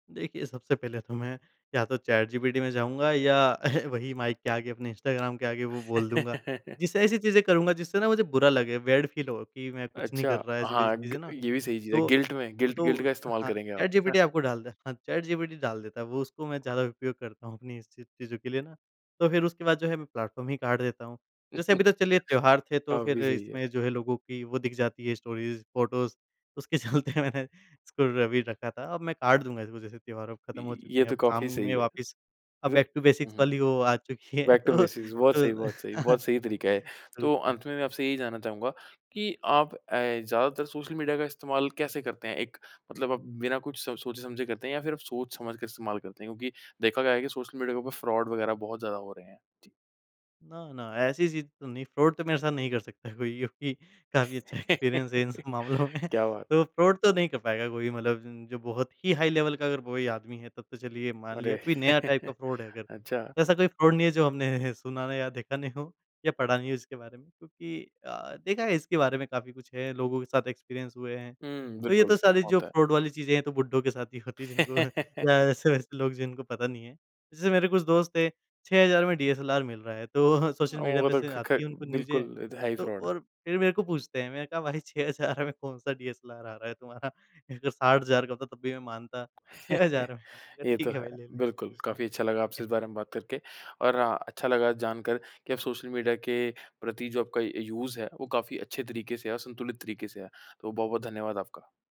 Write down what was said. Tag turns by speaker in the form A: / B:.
A: देखिए, सबसे पहले तो मैं या तो चैटजीपीटी में जाऊँगा या वही माइक के आगे, अपने इंस्टाग्राम के आगे वो बोल दूँगा। जिससे ऐसी चीज़ें करूँगा जिससे ना मुझे बुरा लगे, बैड फील हो कि मैं कुछ नहीं कर
B: अच्छा,
A: रहा ऐसी-वैसी
B: हाँ ग
A: चीज़ें ना,
B: ये भी सही चीज़ है।
A: तो
B: गिल्ट में, गिल्ट
A: तो
B: गिल्ट का इस्तेमाल
A: हाँ,
B: करेंगे आप।
A: चैटजीपीटी आपको डालता है, हाँ चैटजीपीटी डाल देता है, वो उसको मैं ज़्यादा उपयोग करता हूँ अपनी इस ची चीज़ों के लिए ना। तो फिर उसके बाद जो है मैं प्लेटफॉर्म ही काट देता हूँ। जैसे अभी तो चलिए त्योहार थे तो
B: काफ़ी
A: फिर
B: सही है।
A: इसमें जो है लोगों की वो दिख जाती है स्टोरीज, फोटोस उसके चलते मैंने इसको र भी रखा था, अब मैं काट दूँगा इसको जैसे त्यौहार अब ख़त्म हो
B: इ
A: चुके
B: ये
A: हैं, अब
B: तो
A: काम
B: काफ़ी
A: में
B: सही है।
A: वापस अब बैक टू
B: [unintelligible] हुँ,
A: बेसिक्स
B: हुँ।
A: वाली वो आ चुकी है
B: बैक टू
A: तो
B: बेसिक्स बहुत सही
A: तो
B: बहुत सही बहुत सही तरीका है।
A: टू
B: तो
A: थिंक।
B: अंत में मैं आपसे यही जानना चाहूँगा कि आप अ, ज़्यादातर सोशल मीडिया का इस्तेमाल कैसे करते हैं? एक मतलब आप बिना कुछ सो सोचे-समझे करते हैं या फिर आप सोच-समझ के इस्तेमाल करते हैं क्योंकि देखा गया है कि सोशल मीडिया के ऊपर फ्रॉड वगैरह बहुत ज़्यादा हो रहे हैं? जी।
A: ना, ना, ऐसी चीज़ तो नहीं, फ्रॉड तो मेरे साथ नहीं कर सकता कोई क्योंकि काफ़ी अच्छा एक्सपीरियंस है इन सब मामलों
B: क्या
A: में
B: बात!
A: तो फ्रॉड तो नहीं कर पाएँगा कोई मतलब ज जो बहुत ही हाई लेवल का अगर कोई आदमी है, तब तो चलिए मान लिया,
B: अरे!
A: कोई नया टाइप का फ्रॉड है अगर।
B: अच्छा।
A: ऐसा कोई फ्रॉड नहीं है जो हमने सुना नहीं या देखा नहीं हो या पढ़ा नहीं हो इसके बारे में क्योंकि अ, देखा है इसके बारे में काफ़ी कुछ है, लोगों के साथ एक्सपीरियंस हुए हैं।
B: हुँ,
A: तो ये तो
B: बिल्कुल
A: सारी जो
B: होता है।
A: फ्रॉड वाली चीजें हैं तो बुड्ढों के साथ ही होती है जिनको या ऐसे-वैसे लोग जिनको पता नहीं है। जैसे मेरे कुछ दोस्त हैं 6000 में डीएसएलआर मिल रहा है, तो सोशल मीडिया
B: वो
A: पे
B: तो
A: से
B: क ख
A: आती है उनको न्यूज़े,
B: बिल्कुल ये तो है ही
A: तो
B: फ्रॉड।
A: और फिर मेरे को पूछते हैं, मैंने कहा भाई 6000 में कौन-सा डीएसएलआर आ रहा है तुम्हारा 60,000 का होता है तब भी मैं मानता, 6000 में, मैंने कहा
B: ये तो
A: ठीक है
B: है।
A: भाई ले ले।
B: बिल्कुल काफ़ी अच्छा लगा आपसे
A: एह
B: इस बारे में बात करके और हाँ, अच्छा लगा जानकर कि आप सोशल मीडिया के प्रति जो आपका अ, यूज़ है वो काफ़ी अच्छे तरीके से है और संतुलित तरीके से है। तो बहुत-बहुत धन्यवाद आपका।